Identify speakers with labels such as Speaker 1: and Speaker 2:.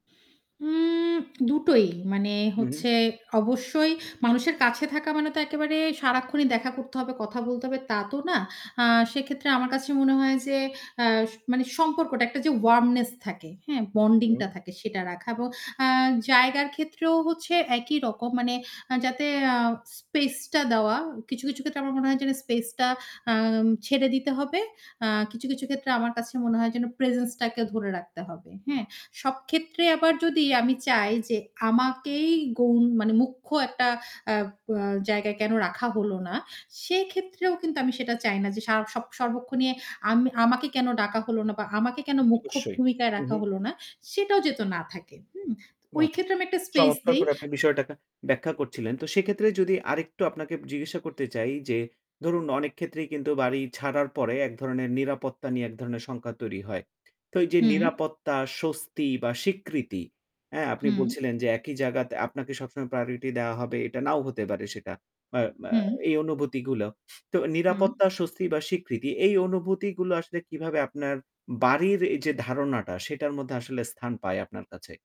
Speaker 1: উম দুটোই। মানে
Speaker 2: হু, হু।
Speaker 1: হচ্ছে অবশ্যই মানুষের কাছে থাকা মানে তো একেবারে সারাক্ষণই দেখা করতে হবে, কথা বলতে হবে তা তো না। আ সেক্ষেত্রে আমার কাছে মনে হয় যে আ স মানে সম্পর্কটা একটা যে ওয়ার্মনেস থাকে, হ্যাঁ? বন্ডিং
Speaker 2: হুম।
Speaker 1: টা থাকে সেটা রাখা ব আ জায়গার ক্ষেত্রেও হচ্ছে একই রকম। মানে আ যাতে আ স্পেস টা দেওয়া কিছু, কিছু, ক্ষেত্রে আমার মনে হয় যেন স্পেস টা আ ছেড়ে দিতে হবে। আ কিছু, কিছু, ক্ষেত্রে আমার কাছে মনে হয় যেন প্রেজেন্সটাকে ধরে রাখতে হবে। হ্যাঁ? সব ক্ষেত্রে আবার যদি আমি চাই যে আমাকেই গউন মানে মুখ্য একটা আ বা জায়গায় কেন রাখা হলো না, সেক্ষেত্রেও কিন্তু আমি সেটা চাই না যে সা সব সর্বক্ষনে আম আমাকে কেন ডাকা হলো না বা আমাকে কেন মুখ্য
Speaker 2: অবশ্যই।
Speaker 1: ভূমিকায়
Speaker 2: উহু।
Speaker 1: রাখা হলো না। সেটাও যেহেতু না থাকে। হু? ওই
Speaker 2: বাহ!
Speaker 1: ক্ষেত্রে আমি একটা স্পেস
Speaker 2: চমৎকার
Speaker 1: দেই।
Speaker 2: করে আপনি বিষয়টাকে ব্যাখ্যা করছিলেন। তো সেক্ষেত্রে যদি আরেকটু আপনাকে জিজ্ঞাসা করতে চাই যে, ধরুন অনেক ক্ষেত্রেই কিন্তু বাড়ি ছাড়ার পরে এক ধরণের নিরাপত্তা নিয়ে এক ধরনের শঙ্কা তৈরি হয়। তো এই যে
Speaker 1: হুম।
Speaker 2: নিরাপত্তা স্বস্তি বা স্বীকৃতি, হ্যাঁ আপনি
Speaker 1: হুম।
Speaker 2: বলছিলেন যে একই জায়গাত আপনাকে সবসময় প্রায়োরিটি দেওয়া হবে এটা নাও হতে পারে সেটা। আ মা
Speaker 1: হুঁম।
Speaker 2: এই অনুভূতিগুলো। তো
Speaker 1: হুম।
Speaker 2: নিরাপত্তা স্বস্তি বা স্বীকৃতি এই অনুভূতিগুলো আসলে কিভাবে আপনার বাড়ির এই যে ধারণাটা সেটার মধ্যে আসলে স্থান পায় আপনার কাছে?